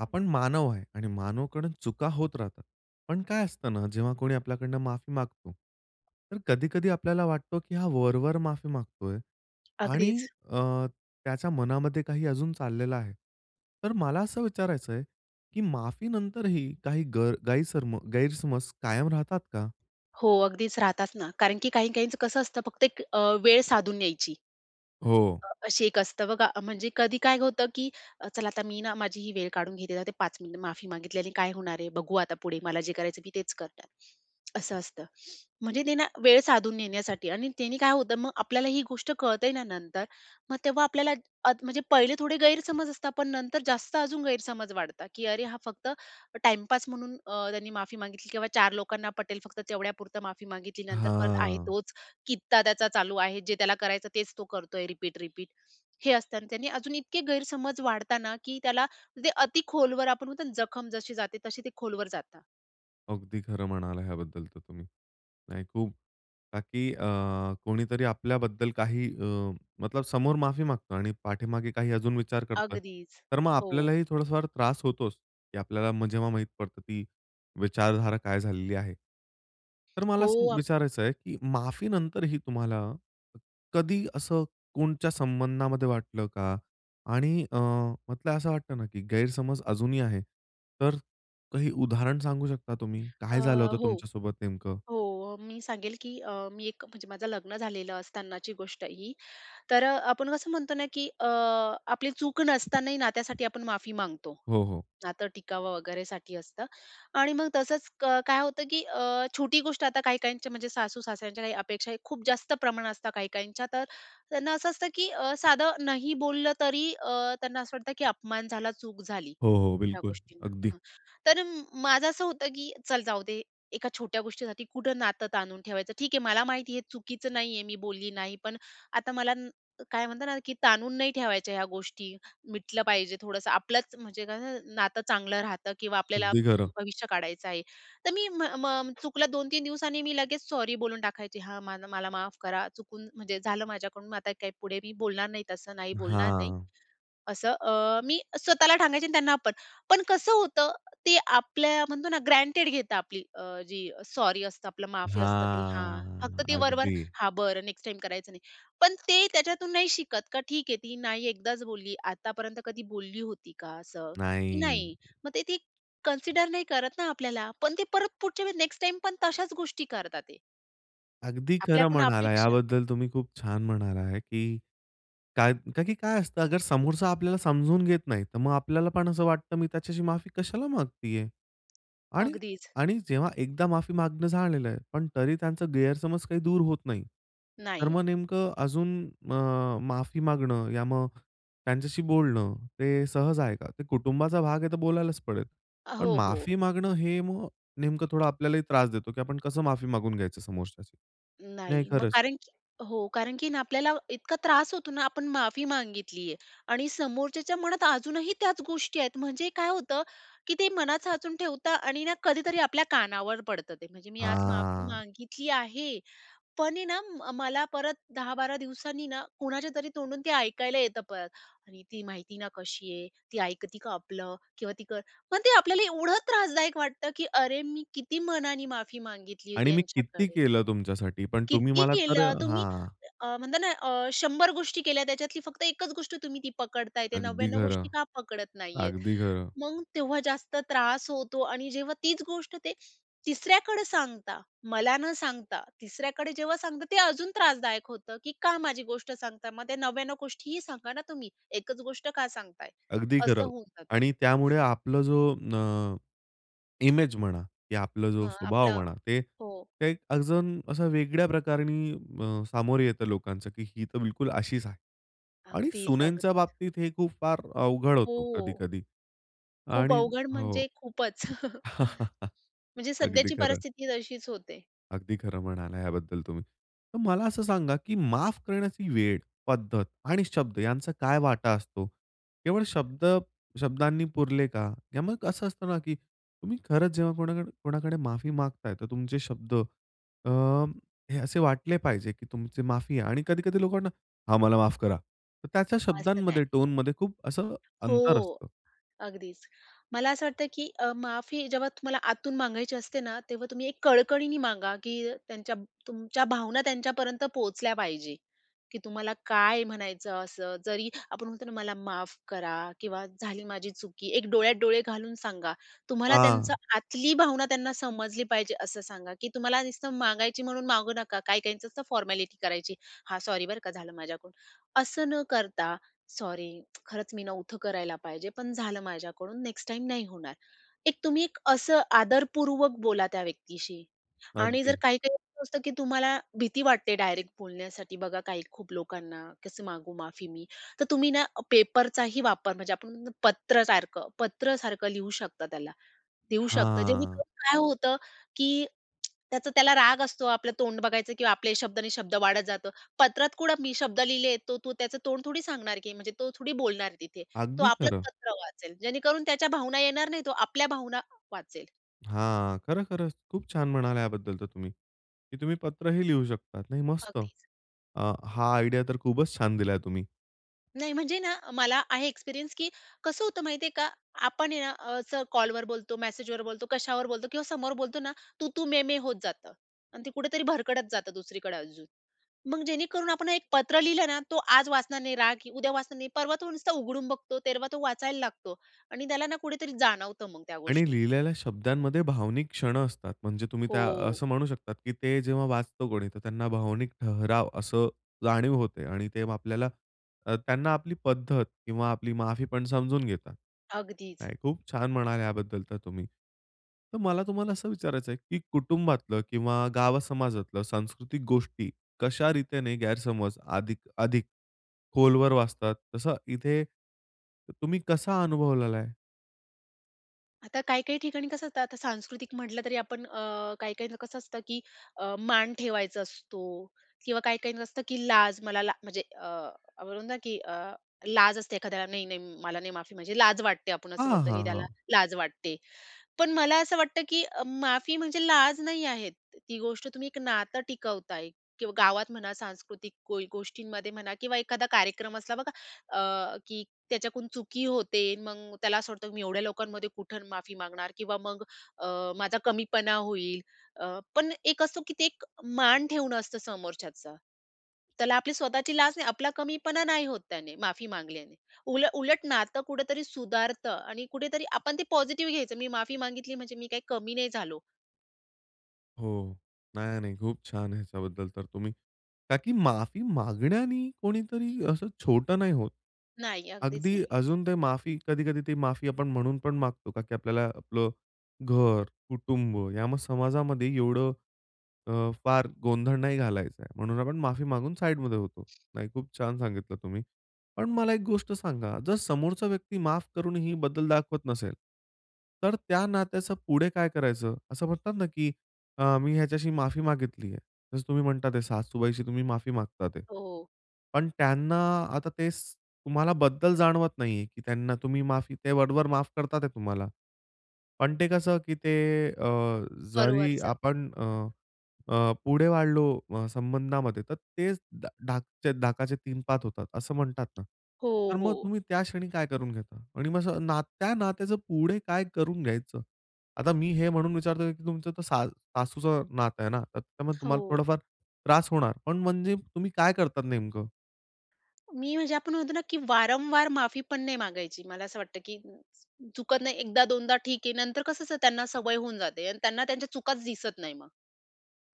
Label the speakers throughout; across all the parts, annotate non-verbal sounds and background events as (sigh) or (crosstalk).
Speaker 1: आपण मानव आहे. आणि मानवकडून चुका होत राहतात. पण काय असतं ना, जेव्हा कोणी आपल्याकडून माफी मागतो. तर कधी-कधी आपल्याला वाटतो, की हा वर-वर माफी मागतोय, आणि
Speaker 2: अगदीच.
Speaker 1: अ, त्याच्या मनामध्ये काही अजून चाललेलं आहे. तर मला असं विचारायचंय, की माफी नंतरही काही गै गैरसर्म गैरसमज कायम राहतात का?
Speaker 2: हो, अगदीच राहतातच ना. कारण की काही, काहींच कसं असतं. फक्त एक अ, वेळ साधून यायची.
Speaker 1: हो.
Speaker 2: असे एक असतं बघा, म्हणजे कधी काय होतं, की "चला आता मी ना माझी ही वेळ काढून घेते, ते 5 मिनिट माफी मागितली आणि काय होणार आहे? बघू आता पुढे मला जे करायचं मी तेच करणार." असं असतं म्हणजे ते ना, वेळ साधून नेण्यासाठी. आणि त्याने काय होतं, मग आपल्याला ही गोष्ट कळते ना नंतर मग तेव्हा आपल्याला अद म्हणजे पहिले थोडे गैरसमज असतात, पण नंतर जास्त अजून गैरसमज वाढता, की अरे हा फक्त टाइमपास म्हणून अ, त्यांनी माफी मागितली किंवा 4 लोकांना पटेल फक्त तेवढ्यापुरतं माफी मागितली. नंतर परत आहे
Speaker 1: हां.
Speaker 2: तोच कित्ता त्याचा चालू आहे. जे त्याला करायचं तेच तो करतो आहे रिपीट-रिपीट. हे असताना त्याने अजून इतके गैरसमज वाढता ना, की त्याला ते अतिखोलवर आपण म्हणतो, जखम जशी जाते तशी ते खोलवर जातात.
Speaker 1: अगदी खरं म्हणाला ह्याबद्दल तर तुम्ही. नाही खूप बाकी अ, कोणीतरी आपल्याबद्दल काही अ, मतलब समोर माफी मागतो आणि पाठीमागे काही अजून विचार करतोय.
Speaker 2: अगदीच,
Speaker 1: तर मग
Speaker 2: हो.
Speaker 1: आपल्यालाही थोडासा फार त्रास होतोच, की आपल्याला जेव्हा माहीत पडतं, की विचारधारा काय झालेली आहे. तर मला
Speaker 2: हो
Speaker 1: असं
Speaker 2: आ
Speaker 1: विचारायचं आहे, की माफी नंतरही तुम्हाला कधी असं कोणच्या संबंधामध्ये वाटलं का? आणि अ, म्हटलं असं वाटतं ना, की गैरसमज अजूनही आहे. तर काही उदाहरण सांगू शकता तुम्ही?
Speaker 2: अ,
Speaker 1: काय झालं होतं
Speaker 2: हो,
Speaker 1: तुमच्या सोबत नेमकं?
Speaker 2: हो, मी सांगेल, की अ, मी एक म्हणजे माझं लग्न झालेलं असतानाची गोष्ट ही तर आपण कसं म्हणतो ना, की अ, आपली चूक नसतानाही ना त्यासाठी आपण माफी मागतो.
Speaker 1: हो, हो.
Speaker 2: नातं टिकावं वगैरेसाठी असतं आणि मग तसंच क काय होतं, की अ, छोटी गोष्ट आता काही-काहींच्या म्हणजे सासू-सासऱ्यांच्या काही अपेक्षा, खूप जास्त प्रमाणात असतं, काही-काहींच्या. तर त्यांना असं असतं, की अ, साधं नाही बोललं तरी अ, त्यांना असं वाटतं, की अपमान झाला, चूक झाली
Speaker 1: हो, हो.
Speaker 2: या
Speaker 1: बिलकुल
Speaker 2: गोष्टींना ना.
Speaker 1: अगदी.
Speaker 2: हां, तर माझं असं होतं, की चल जाऊदे एका छोट्या गोष्टीसाठी कुठं नातं ताणून ठेवायचं. ठीक आहे मला माहिती आहे चुकीचं नाही आहे, मी बोलली नाहीये पण आता मला न काय म्हणतात ना, की ताणून नाही ठेवायच्या ह्या गोष्टी. मिटलं पाहिजे थोडंसं आपलंच. म्हणजे कसं नातं चांगलं राहतं किंवा आपल्याला
Speaker 1: अगदी खरं.
Speaker 2: भविष्य काढायचं आहे. तर मी म म चुकलं 2-3 दिवस आणि मी लगेच सॉरी बोलून टाकायचे. हा माझ मला माफ करा चुकून म्हणजे झालं माझ्याकडून मग आता काय पुढे मी बोलणार नाही तसं, नाही बोलणार नाही.
Speaker 1: हां.
Speaker 2: असं अ, मी स्वतःला सांगायचे त्यांना आपण. पण कसं होतं, ते आपल्या म्हणतो ना, ग्रँटेड घेता आपली अ, जी सॉरी असतं, आपलं माफी असतं ते हां, फक्त
Speaker 1: हां
Speaker 2: ते वरवर
Speaker 1: अगदी.
Speaker 2: हा बरं नेक्स्ट टाईम करायचं नाही. पण ते त्याच्यातून नाही शिकत, का ठीक आहे, ती नाही एकदाच बोलली, आतापर्यंत कधी बोलली होती का असं? की
Speaker 1: नाही.
Speaker 2: नाही. मग ते ती कन्सिडर नाही करत ना आपल्याला. पण ते परत पुढच्या वेळ नेक्स्ट टाईमपण तशाच गोष्टी करतात ते.
Speaker 1: अगदी खरं
Speaker 2: आपल्याकडून
Speaker 1: म्हणाला आहे,
Speaker 2: अपेक्षा
Speaker 1: याबद्दल तुम्ही खूप छान म्हणाला आहे की काय कारण की काय असतं समोरचा आपल्याला समजून घेत नाही, तर मग आपल्याला पण असं वाटतं मी त्याच्याशी माफी कशाला मागत आहे?
Speaker 2: अगदीच.
Speaker 1: आणि-आणि जेव्हा एकदा माफी मागणं झालेलं आहे पण तरी त्यांचा गैरसमज काही दूर होत नाही. तर
Speaker 2: नाही.
Speaker 1: मग नेमकं अजून अ, माफी मागणं या मग त्यांच्याशी बोलणं ते सहज आहे का? ते कुटुंबाचा भाग आहे तर बोलायलाच पडेल.
Speaker 2: अ,
Speaker 1: पण
Speaker 2: हो, हो.
Speaker 1: माफी मागणं हे मग नेमकं थोडं आपल्यालाही त्रास देतो की आपण कसं माफी मागून घ्यायचं समोरच्याचं नाही
Speaker 2: नाही. मग
Speaker 1: खरंच.
Speaker 2: कारण की हो, कारण की ना आपल्याला इतका त्रास होतो ना आपण माफी मागितली आहे आणि समोरच्याच्या मनात अजूनही त्याच गोष्टी आहेत. म्हणजे काय होतं की ते मनात साचून ठेवतात आणि ना कधीतरी आपल्या कानावर पडतं ते. म्हणजे मी आज माफी
Speaker 1: हां.
Speaker 2: मागितली आहे, पण आहे ना मला परत 10-12 दिवसांनी ना कुणाच्या तरी तोंडून ते ऐकायला येतं परत आणि "ती माहिती ना कशी आहे? ती ऐकते का आपलं? किंवा ती कर" पण ते आपल्याला एवढं त्रासदायक वाटतं की अरे! मी किती मनाने माफी मागितली होती
Speaker 1: आणि मी किती
Speaker 2: यांच्याकडे.
Speaker 1: केलं तुमच्यासाठी, पण तुम्ही
Speaker 2: किती
Speaker 1: मला तर
Speaker 2: केलं. तुम्ही
Speaker 1: हां.
Speaker 2: अ, म्हणता ना अ, 100 गोष्टी केल्या त्याच्यातली फक्त एकच गोष्ट तुम्ही ती पकडत आहे. ते
Speaker 1: अगदी
Speaker 2: 99 गोष्टी
Speaker 1: खरं.
Speaker 2: का पकडत नाही आहे.
Speaker 1: अगदी खरं.
Speaker 2: मग तेव्हा जास्त त्रास होतो आणि जेव्हा तीच गोष्ट ते तिसऱ्याकडे सांगतात, मला न सांगता, तिसऱ्याकडे जेव्हा सांगतात ते अजून त्रासदायक होतं की का माझी गोष्ट सांगता. मग त्या 99 गोष्टीही सांगा ना तुम्ही. एकच गोष्ट का सांगत आहे?
Speaker 1: अगदी
Speaker 2: असं
Speaker 1: खरं
Speaker 2: होऊन जातं.
Speaker 1: आणि त्यामुळे आपला जो न इमेज म्हणा, की आपला जो
Speaker 2: हां.
Speaker 1: स्वभाव
Speaker 2: आपलं
Speaker 1: म्हणा ते
Speaker 2: हो.
Speaker 1: अजून असं वेगळ्या प्रकाराने अ, सामोरे येतं लोकांचं की ही तर बिलकुल अशीच आहे. आणि
Speaker 2: अगदीच, अग
Speaker 1: सुनेंच्या बाबतीत हे खूप फार अवघड होतो
Speaker 2: हो.
Speaker 1: कधी-कधी.
Speaker 2: खूप
Speaker 1: आणि
Speaker 2: अवघड
Speaker 1: हो.
Speaker 2: म्हणजे खूपच. (chuckles)
Speaker 1: (chuckles)
Speaker 2: म्हणजे
Speaker 1: अगदी
Speaker 2: सध्याची
Speaker 1: खरं.
Speaker 2: परिस्थिती तशीच होते.
Speaker 1: अगदी खरं म्हणाला याबद्दल तुम्ही. तर मला असं सांगा की माफ करण्याची वेळ, पद्धत, आणि शब्द यांचा काय वाटा असतो. केवळ शब्द शब्दांनी पुरले का? किंवा मग असं असतं ना की तुम्ही खरंच जेव्हा कोणाक कोणाकडे माफी मागत आहे तर तुमचे शब्द अ, हे असे वाटले पाहिजे की तुमचे माफी आहे. आणि कधी-कधी लोकांना, "हां, मला माफ करा." तर त्याच्या
Speaker 2: असं नाही.
Speaker 1: शब्दांमध्ये, टोनमध्ये खूप असं
Speaker 2: (unintelligible) हो.
Speaker 1: अंतर असतं.
Speaker 2: अगदीच. मला असं वाटतं की अ, माफी जेव्हा तुम्हाला आतून मागायची असते ना तेव्हा तुम्ही एक कळकळीने मागा की त्यांच्या तुमच्या भावना त्यांच्यापर्यंत पोहचल्या पाहिजे. की तुम्हाला काय म्हणायचं असं. जरी आपण म्हणतो ना "मला माफ करा किंवा झाली माझी चुकी." एक डोळ्यात डोळे घालून सांगा. तुम्हाला त्यांचं
Speaker 1: हां.
Speaker 2: आतली भावना त्यांना समजली पाहिजे असं सांगा की तुम्हाला नुसतं मागायची म्हणून मागू नका. काही काहींच असतं फॉर्मॅलिटी करायची, "हां. सॉरी बरं का. झालं माझ्याकडून." असं न करता, "सॉरी. खरंच मी नव्हत करायला पाहिजे. पण झालं माझ्याकडून. नेक्स्ट टाईम नाही होणार." एक तुम्ही एक असं आदरपूर्वक बोला त्या व्यक्तीशी आणि जर
Speaker 1: अगदी.
Speaker 2: काही-काही असं असतं की तुम्हाला भीती वाटते डायरेक्ट बोलण्यासाठी बघा काही खूप लोकांना. "कसं मागू माफी मी?" तर तुम्ही ना पेपरचाही वापर म्हणजे आपण पत्र सारखं पत्र सारखं लिहू शकता त्याला, देऊ शकता
Speaker 1: हां.
Speaker 2: जेणेकरून काय होतं की त्याचा त्याला राग असतो आपलं तोंड बघायचं किंवा आपले शब्द आणि शब्द वाढत जातो. पत्रात कुठं मी शब्द लिहिले तो तो त्याचं तोंड थोडी सांगणार की म्हणजे तो थोडी बोलणार तिथे. तो
Speaker 1: अगदी
Speaker 2: आपलंच
Speaker 1: खरं.
Speaker 2: पत्र वाचेल. जेणेकरून त्याच्या भावना येणार नाही. तो आपल्या भावना वाचेल.
Speaker 1: हां. खरं, खरं, खूप छान म्हणाला याबद्दल तर तुम्ही की तुम्ही पत्रही लिहू शकता. नाही मस्त.
Speaker 2: अगदीच.
Speaker 1: अ, हा आयडिया तर खूपच छान दिलाय तुम्ही.
Speaker 2: नाही म्हणजे ना, अ, मला आहे एक्सपिरियन्स, की कसं होतं माहिती आहे का? आपण आहे ना, अस कॉलवर बोलतो, मेसेजवर बोलतो, कशावर बोलतो किंवा समोर बोलतो ना. तू-तू, मे-मे होत जातं. आणि ते कुठेतरी भरकडत जातं दुसरीकडे अजून. मग जेणेकरून आपण एक पत्र लिहिलं ना, तो आज वाचणार नाही, राग उद्या वाचणार नाही, परवा तो नुसता उघडून बघतो. तेरवा तो वाचायला लागतो आणि त्याला ना कुठेतरी जाणवतं मग त्या
Speaker 1: आणि
Speaker 2: गोष्टी.
Speaker 1: लिहिलेल्या शब्दांमध्ये भावनिक क्षण असतात म्हणजे तुम्ही त्या
Speaker 2: हो.
Speaker 1: असं म्हणू शकतात, की ते जेव्हा वाचतो कोणी, तर त्यांना भावनिक ठहराव असं जाणीव होते. आणि ते मग आपल्याला, अ, त्यांना आपली पद्धत किंवा आपली माफी पण समजून घेतात.
Speaker 2: अगदीच.
Speaker 1: नाही खूप छान म्हणालात याबद्दल तर तुम्ही. तर मला तुम्हाला असं विचारायचं आहे, की कुटुंबातलं किंवा गाव समाजातलं, सांस्कृतिक गोष्टी कशा रीतीने गैरसमज अधिक अधिक खोलवर वाचतात? तसं इथे, त तुम्ही कसा अनुभवलेला आहे?
Speaker 2: आता काही-काही ठिकाणी कसं असतं. आता सांस्कृतिक म्हटलं तरी आपण अ, काही काहींना कसं असतं, की अ, मान ठेवायचा असतो. किंवा काही काहींच असतं, की लाज मला ला म्हणजे अ, आपण म्हणतो ना, की अ, लाज असते एखाद्याला. नाही-नाही, म मला नाही माफी म्हणजे लाज वाटते. आपण असं
Speaker 1: हां,
Speaker 2: बोलतो की
Speaker 1: हां,
Speaker 2: त्याला
Speaker 1: हां.
Speaker 2: लाज वाटते. पण मला असं वाटतं, की अ, माफी म्हणजे लाज नाही आहे. ती गोष्ट तुम्ही एक नातं टिकवताय किंवा गावात म्हणा सांस्कृतिक कोई गोष्टींमध्ये म्हणा किंवा एखादा कार्यक्रम असला बघा अ, की त्याच्याकडून चुकी होते. मग त्याला असं वाटतं, की मी एवढ्या लोकांमध्ये कुठं माफी मागणार. किंवा मग अ, माझा कमीपणा होईल. अ, पण एक असतो, की ते एक मान ठेवणं असतं समोरच्याचा. त्याला आपली स्वतःची लाज नाही, आपला कमीपणा नाही होत त्याने, माफी मागल्याने. उल उलट नातं कुठेतरी सुधारत आणि कुठेतरी आपण ते पॉझिटिव्ह घ्यायचं. मी माफी मागितली, म्हणजे मी काही कमी नाही झालो.
Speaker 1: हो, नाही, नाही. खूप छान आहे ह्याच्याबद्दल तर तुम्ही का की माफी मागण्याने कोणीतरी असं छोटं नाही होत.
Speaker 2: नाही, अगदीच
Speaker 1: अगदी
Speaker 2: नाही.
Speaker 1: अजून ते माफी, कधी-कधी ते माफी आपण म्हणून पण मागतो, का की आपल्याला आपलं घर, कुटुंब या समाजामध्ये एवढं अ, फार गोंधळ नाही घालायचं आहे, म्हणून आपण माफी मागून साइडमध्ये होतो. नाही, खूप छान सांगितलं तुम्ही. पण मला एक गोष्ट सांगा, जर समोरचा व्यक्ती माफ करूनही बदल दाखवत नसेल तर त्या नात्याचं पुढे काय करायचं? असं म्हणतात ना, की अ, मी ह्याच्याशी माफी मागितली आहे. जसं तुम्ही म्हणता, ते सासूबाईशी तुम्ही माफी मागतात आहे.
Speaker 2: हो, हो.
Speaker 1: पण त्यांना आता तेच तुम्हाला बद्दल जाणवत नाहीये, की त्यांना तुम्ही माफी ते वर-वर माफ करत आहे तुम्हाला. पण ते कसं, की ते अ, जरी
Speaker 2: वरवरचं.
Speaker 1: आपण अ, अ, पुढे वाढलो अ, संबंधामध्ये, तर तेच डा ढाकचे ढाकाचे 3-5 होतात, असं म्हणतात ना?
Speaker 2: हो,
Speaker 1: तर मग
Speaker 2: हो.
Speaker 1: तुम्ही त्या क्षणी काय करून घेता? आणि मग अस नात्या नात्याचं पुढे काय करून घ्यायचं? आता मी हे म्हणून विचारतोय, की तुमचं तर सा सासूचं नातं आहे ना, तर त्यामुळे तुम्हाला
Speaker 2: हो.
Speaker 1: थोडाफार त्रास होणार, पण म्हणजे तुम्ही काय करतात नेमकं?
Speaker 2: मी म्हणजे, आपण म्हणतो ना, की वारंवार माफी पण नाही मागायची. मला असं वाटतं, की चुकत नाही, 1दा-2दा ठीक आहे. नंतर कसं असतं, त्यांना सवय होऊन जाते आणि त्यांना त्यांच्या चुकाच दिसत नाही मग.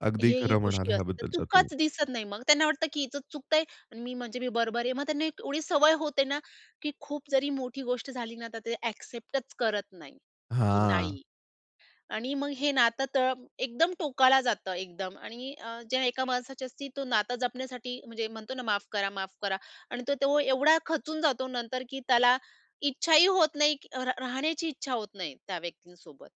Speaker 1: अगदी
Speaker 2: हे ही
Speaker 1: खरं
Speaker 2: गोष्टी
Speaker 1: म्हणाला,
Speaker 2: असतात.
Speaker 1: ह्याबद्दल तर तुम्ही.
Speaker 2: चुकच दिसत नाही मग. त्यांना वाटतं, की हीचच चुकतं आहे आणि मी म्हणजे मी बरोबर आहे. मग त्यांना एवढी सवय होते ना, की खूप जरी मोठी गोष्ट झाली ना, तर ते ॲक्सेप्टच करत नाही, की
Speaker 1: हां.
Speaker 2: नाही. आणि मग हे नातं तर एकदम टोकाला जातं, एकदम. आणि अ, जे एका माणसाच्या असती, तो नातं जपण्यासाठी, म्हणजे म्हणतो ना, "माफ करा, माफ करा" आणि तो तो एवढा खचून जातो नंतर, की त्याला इच्छाही होत नाही, क र राहण्याची इच्छा होत नाही, त्या व्यक्तींसोबत,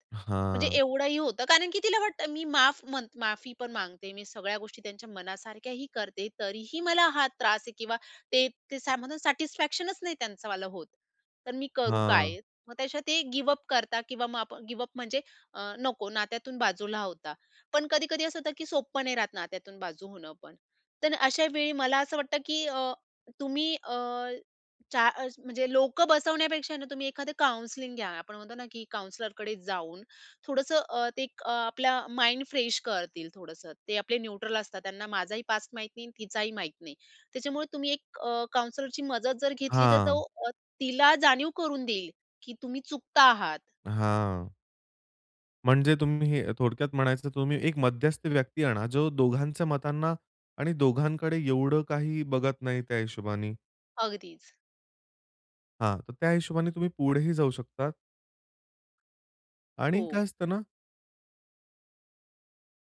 Speaker 2: म्हणजे
Speaker 1: हां.
Speaker 2: एवढंही होतं. कारण की तिला वाटतं, मी माफ म्हणत माफी पण मागते, मी सगळ्या गोष्टी त्यांच्या मनासारख्याही करते, तरीही मला हा त्रास आहे किंवा ते ते सॅ म्हणतो सॅटिस्फॅक्शनच नाही त्यांचं मला होत. तर मी करू
Speaker 1: हां.
Speaker 2: काय? मग त्याच्या ते गिव अप करतात किंवा मग आप गिव अप म्हणजे अ, नको, नात्यातून बाजूला होता. पण कधी-कधी असं होतं, की सोपं नाही राहत नात्यातून बाजू होणं पण. तर अशा वेळी, मला असं वाटतं, की अ, तुम्ही अ, च्या अ, म्हणजे लोकं बसवण्यापेक्षा ना, तुम्ही एखादं काउंसलिंग घ्या. आपण म्हणतो ना, की काउंसलरकडे जाऊन थोडंसं अ, ते एक आपल्या माइंड फ्रेश करतील, थोडंसं. ते आपले न्यूट्रल असतात. त्यांना माझाही पास्ट माहीत नाही आणि तिचाही माहीत नाही. त्याच्यामुळे, तुम्ही एक अ, काउंसलरची मदत जर घेतली, तर तो
Speaker 1: हां.
Speaker 2: तिला जाणीव करून देईल, की तुम्ही चुकता आहात.
Speaker 1: हां. म्हणजे तुम्ही हे थोडक्यात म्हणायचं तुम्ही एक मध्यस्थ व्यक्ती आणा. जो दोघांच्या मतांना आणि दोघांकडे एवढं काही बघत नाही त्या हिशोबाने.
Speaker 2: अगदीचं.
Speaker 1: हां. त्या हिशोबाने तुम्ही पुढेही जाऊ शकता. आणि
Speaker 2: हो.
Speaker 1: काय असतं ना.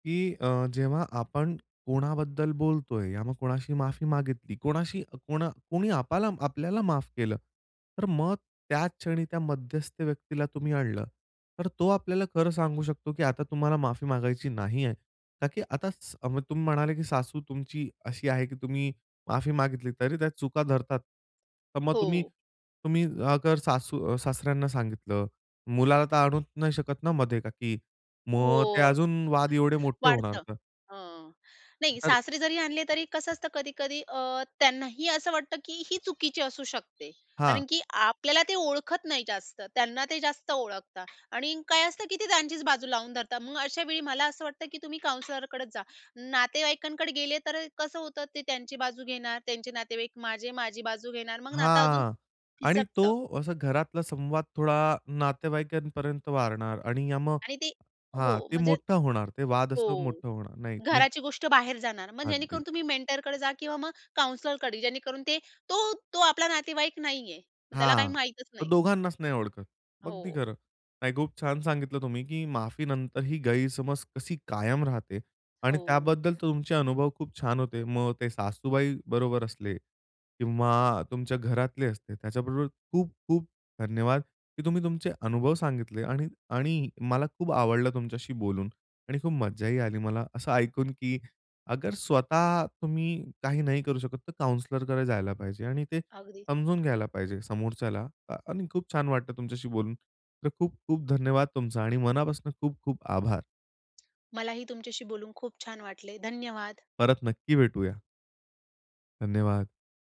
Speaker 1: की अ, जेव्हा आपण कोणाबद्दल बोलतोय, या मग कोणाशी माफी मागितली, कोणाशी कोणा कोणी आपला आपल्याला माफ केलं. तर मग त्याच क्षणी त्या मध्यस्थ व्यक्तीला तुम्ही आणलं. तर तो आपल्याला खरं सांगू शकतो की आता तुम्हाला माफी मागायची नाही आहे. कारण की आता तुम्ही म्हणाले की सासू तुमची अशी आहे की तुम्ही माफी मागितली तरी त्या चुका धरतात. तर मग तुम्ही
Speaker 2: हो.
Speaker 1: तुम्ही अगर सासू अ, सासऱ्यांना सांगितलं मुलाला तर आणू नाही शकत ना मधे, का की मग ते
Speaker 2: हो.
Speaker 1: अजून वाद एवढे मोठे होणार
Speaker 2: वाढतं.
Speaker 1: तर.
Speaker 2: हं. नाही
Speaker 1: तर.
Speaker 2: सासरे जरी आणले तरी कसं असतं. कधी-कधी अ, त्यांनाही असं वाटतं की ही चुकीची असू शकते.
Speaker 1: हां.
Speaker 2: कारण की आपल्याला ते ओळखत नाही जास्त, त्यांना ते जास्त ओळखतात आणि काय असतं की ते त्यांचीचं बाजू लावून धरतात. मग अशावेळी मला असं वाटतं की तुम्ही काउंसलरकडंच जा. नातेवाईकांकडे गेले तर अ, कसं होतं ते त्यांची बाजू घेणार त्यांचे नातेवाईक. माझे माझी बाजू घेणार, मग नातं अजून
Speaker 1: हां. आणि तो
Speaker 2: फिसकतं.
Speaker 1: असा घरातला संवाद थोडा नातेवाईकांपर्यंत वाढणार आणि अ, मग
Speaker 2: आणि ते हो
Speaker 1: हां. ते
Speaker 2: म्हणजे
Speaker 1: मोठा होणार, ते वाद
Speaker 2: हो.
Speaker 1: असं मोठं होणार नाही.
Speaker 2: घराची गोष्ट बाहेर जाणार. मग
Speaker 1: अगदी.
Speaker 2: जेणेकरून तुम्ही मेंटरकडे जा किंवा मग काउंसलरकडे जेणेकरून ते तो तो आपला नातेवाईक नाहीये. मग त्याला काही
Speaker 1: हां.
Speaker 2: माहितचं
Speaker 1: तर
Speaker 2: नाहीये.
Speaker 1: दोघांनाचं नाही ओळखत. अगदी
Speaker 2: हो.
Speaker 1: खरं. नाही खूप छान सांगितलं तुम्ही की माफी नंतर ही गैरसमज कशी कायम राहते. आणि
Speaker 2: हो.
Speaker 1: त्याबद्दल तर तुमचे अनुभव खूप छान होते. मग ते सासूबाई बरोबर असले. किंवा तुमच्या घरातले असते. त्याच्याबरोबर खूप-खूप धन्यवाद की तुम्ही तुमचे अनुभव सांगितले. आणि आणि मला खूप आवडलं तुमच्याशी बोलून आणि खूप मज्जाही आली मला. असं ऐकून की अगर स्वतः तुम्ही काही नाही करू शकत. तर काउंसलरकडे जायला पाहिजे.आणि ते
Speaker 2: अगदी.
Speaker 1: समजून घ्यायला पाहिजे समोरच्याला अ, आणि खूप छान वाटतं तुमच्याशी बोलून. तर खूप-खूप धन्यवाद तुमचा आणि मनापासून खूप-खूप आभार.
Speaker 2: मलाही तुमच्याशी बोलून खूप छान वाटले. धन्यवाद.
Speaker 1: परत नक्की भेटूया. धन्यवाद.